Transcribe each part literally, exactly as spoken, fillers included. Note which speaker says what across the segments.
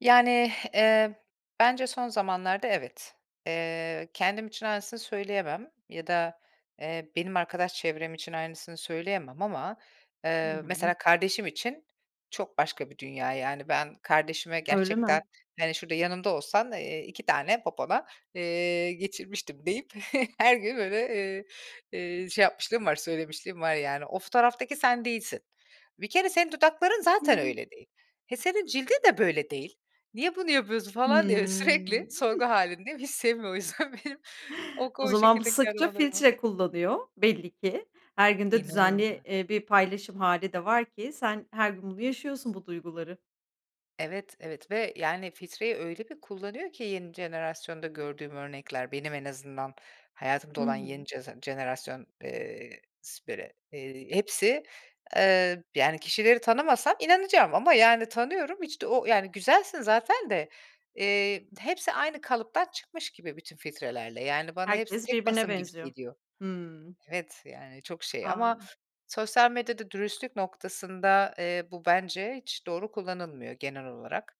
Speaker 1: Yani, eee, bence, son zamanlarda evet, eee, kendim için aynısını söyleyemem ya da, eee, benim arkadaş çevrem için aynısını söyleyemem ama,
Speaker 2: Hı
Speaker 1: eee,
Speaker 2: hı.
Speaker 1: mesela kardeşim için, çok başka bir dünya yani, ben, kardeşime
Speaker 2: Öyle
Speaker 1: gerçekten:
Speaker 2: mi?
Speaker 1: "hani, şurada yanımda olsan, eee, iki tane popona, eee, geçirmiştim" deyip her gün böyle, iii, eee, şey yapmışlığım var, söylemişliğim var yani. O fotoğraftaki sen değilsin, bir kere senin dudakların
Speaker 2: Hı
Speaker 1: zaten
Speaker 2: hı.
Speaker 1: öyle değil, he, senin cildin de böyle değil, niye bunu yapıyorsun falan diye sürekli
Speaker 2: Hı.
Speaker 1: sorgu hâlindeyim. Hiç sevmiyor o yüzden benim o
Speaker 2: O
Speaker 1: ko
Speaker 2: zaman bu
Speaker 1: şekildeki
Speaker 2: sıkça
Speaker 1: aramalarımı.
Speaker 2: filtre kullanıyor, belli ki. Her gün de düzenli,
Speaker 1: İnanıl [unintelligible]
Speaker 2: eee, bir paylaşım hâli de var ki sen her gün bunu yaşıyorsun, bu duyguları.
Speaker 1: Evet, evet ve, yani, filtreyi öyle bir kullanıyor ki yeni jenerasyonda gördüğüm örnekler, benim en azından hayatımda
Speaker 2: I
Speaker 1: olan yeni
Speaker 2: hı.
Speaker 1: ceze jenerasyon, eee, siperi eee, hepsi, eee, yani, kişileri tanımasam inanacağım ama, yani, tanıyorum hiç de o yani, güzelsin zaten de, eee, hepsi aynı kalıptan çıkmış gibi bütün filtrelerle. Yani, bana hepsi
Speaker 2: Herkes
Speaker 1: tek
Speaker 2: birbirine
Speaker 1: basım gibi
Speaker 2: benziyor.
Speaker 1: geliyor.
Speaker 2: Hımm.
Speaker 1: Evet, yani, çok şey
Speaker 2: A!
Speaker 1: ama sosyal medyada dürüstlük noktasında, eee, bu bence hiç doğru kullanılmıyor, genel olarak.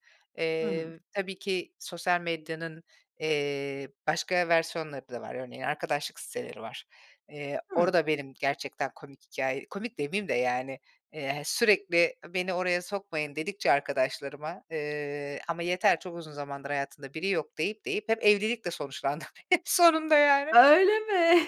Speaker 2: Hı
Speaker 1: Eee,
Speaker 2: hı.
Speaker 1: tabii ki sosyal medyanın, eee, başka versiyonları da var. Örneğin; arkadaşlık siteleri var, eee,
Speaker 2: Hı.
Speaker 1: orada benim gerçekten komik hikâye komik demeyeyim de yani, eee, hani, sürekli: "beni oraya sokmayın" dedikçe arkadaşlarıma, eee, "ama yeter, çok uzun zamandır hayatında biri yok" deyip, deyip hep evlilikle sonuçlandım. Hep sonunda yani.
Speaker 2: Öyle mi?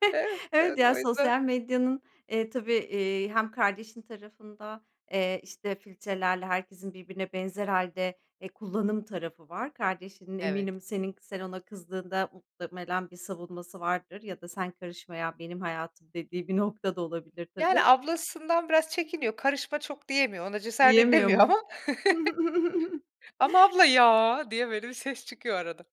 Speaker 1: Evet, evet,
Speaker 2: Evet ya,
Speaker 1: o yüzden
Speaker 2: sosyal medyanın, eee, tabii, eee, hem kardeşin tarafında, eee, işte filtrelerle herkesin birbirine benzer hâlde e, kullanım tarafı var, kardeşinin
Speaker 1: Evet.
Speaker 2: eminim senin sen ona kızdığında muhtemelen bir savunması vardır ya da "sen karışma ya, benim hayatım" dediği bir nokta da olabilir
Speaker 1: Yani,
Speaker 2: tabii.
Speaker 1: ablasından biraz çekiniyor karışma çok diyemiyor, ona cesaret
Speaker 2: Diyemiyor
Speaker 1: edemiyor
Speaker 2: mu?
Speaker 1: ama ama abla ya, diyemiyor bir ses çıkıyor arada.